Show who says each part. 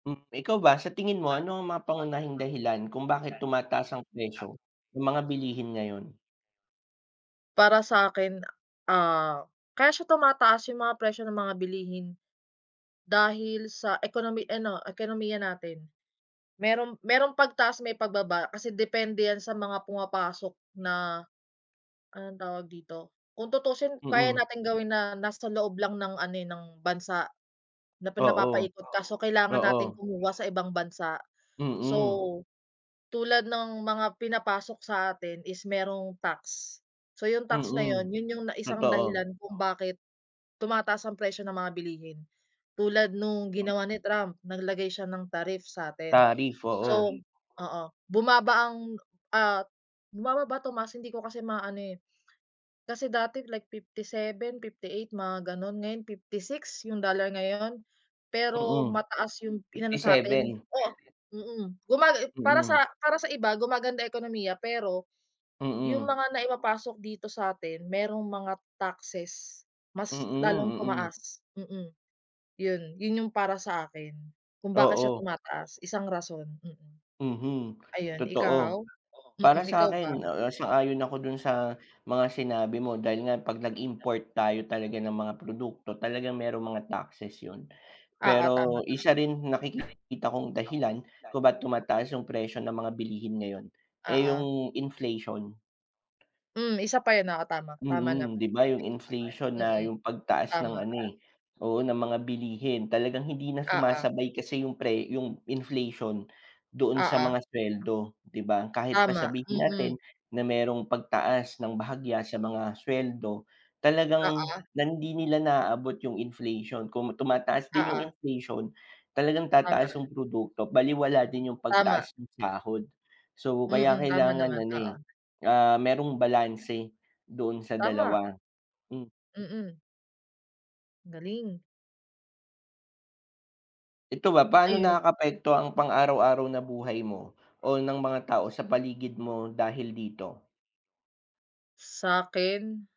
Speaker 1: Hmm, ikaw ba sa tingin mo ano ang mga pangunahing dahilan kung bakit tumataas ang presyo ng mga bilihin ngayon?
Speaker 2: Para sa'kin a ah, kaya siya tumataas yung mga presyo ng mga bilihin, dahil sa ekonomi ano ekonomiya natin. Merong, merong pagtaas may pagbaba kasi depende 'yan sa mga pumapasok na, anong tawag dito, kung tutuusin kaya
Speaker 1: Mm.
Speaker 2: nating gawin na nasa loob lang ng ano, eh, ng bansa, na pin
Speaker 1: Oo.
Speaker 2: napapaikot kaso kailangan nating
Speaker 1: Oo.
Speaker 2: kumuha sa ibang bansa. So,
Speaker 1: Mm.
Speaker 2: tulad ng mga pinapasok sa atin is merong tax, so yung tax na 'yon,
Speaker 1: Mm.
Speaker 2: 'yon yung na isang
Speaker 1: Totoo.
Speaker 2: dahilan kung bakit tumataas ang presyo ng mga bilihin tulad nung ginawa ni Trump, naglagay siya ng tariff sa'tin.
Speaker 1: Tariff,
Speaker 2: So,
Speaker 1: oo.
Speaker 2: oo, bumaba ang, ah, bumababa, tumaas hindi ko kasi maano, eh, kasi dati like 57, 58, mga gano'n ngayon 56? Yung dollar ngayon. Pero
Speaker 1: Mm,
Speaker 2: mataas yung inano
Speaker 1: fifty
Speaker 2: sa'tin,
Speaker 1: seven.
Speaker 2: oo, mm. Kumbaga para sa
Speaker 1: Mm.
Speaker 2: para sa iba gumaganda ekonomiya, pero yung
Speaker 1: Mm.
Speaker 2: mga naipapasok dito sa'tin merong mga taxes mas
Speaker 1: Mm,
Speaker 2: lalong
Speaker 1: mm.
Speaker 2: tumaas, mm. Yon, 'yon yung para sa akin kung bakit siya
Speaker 1: Oo.
Speaker 2: tumataas, isang rason, mm,
Speaker 1: Mhm,
Speaker 2: ayun, ikaw?
Speaker 1: totoo. Para
Speaker 2: Mm, ikaw ba?
Speaker 1: sa'kin, ah, ah, sang-ayon ako dun sa mga sinabi mo dahil nga 'pag nag-import tayo talaga ng mga produkto, talagang merong mga taxes yun.
Speaker 2: Oo, tama.
Speaker 1: Pero isa rin nakiki kita kong dahilan kung ba't tumataas yung presyo ng mga bilihin ngayon, eh,
Speaker 2: Oo.
Speaker 1: yung inflation.
Speaker 2: Hmm, isa pa 'yon, oo tama, tama
Speaker 1: Mm,
Speaker 2: naman,
Speaker 1: 'di ba yung
Speaker 2: inflation.
Speaker 1: inflation na
Speaker 2: Mm,
Speaker 1: yung pagtaas ng
Speaker 2: tama.
Speaker 1: ano, eh, oo ng mga bilihin talagang hindi na
Speaker 2: Oo.
Speaker 1: sumasabay kasi yung pre yung inflation doon sa
Speaker 2: Oo.
Speaker 1: mga sweldo, 'di ba? Kahit pa
Speaker 2: Tama,
Speaker 1: sabihin
Speaker 2: mm.
Speaker 1: natin na merong pagtaas ng bahagya sa mga sweldo talagang
Speaker 2: Oo.
Speaker 1: nan 'di nila naaabot yung inflation, kung tumataas din
Speaker 2: Oo.
Speaker 1: yung inflation, talagang
Speaker 2: Tama.
Speaker 1: tataas yung produkto balewala din yung
Speaker 2: Tama. Mm, tama naman, oo.
Speaker 1: pagtaas ng sahod. So kaya
Speaker 2: Mm, tama
Speaker 1: kailangan
Speaker 2: naman,
Speaker 1: ano, eh,
Speaker 2: oo.
Speaker 1: ah, merong balanse, doon sa
Speaker 2: Tama.
Speaker 1: dalawa, hmm.
Speaker 2: Mm. Ang galing.
Speaker 1: Ito ba paano
Speaker 2: Ayun.
Speaker 1: nakakaapekto ang pang-araw-araw na buhay mo o ng mga tao sa paligid mo dahil dito?
Speaker 2: Sa'kin.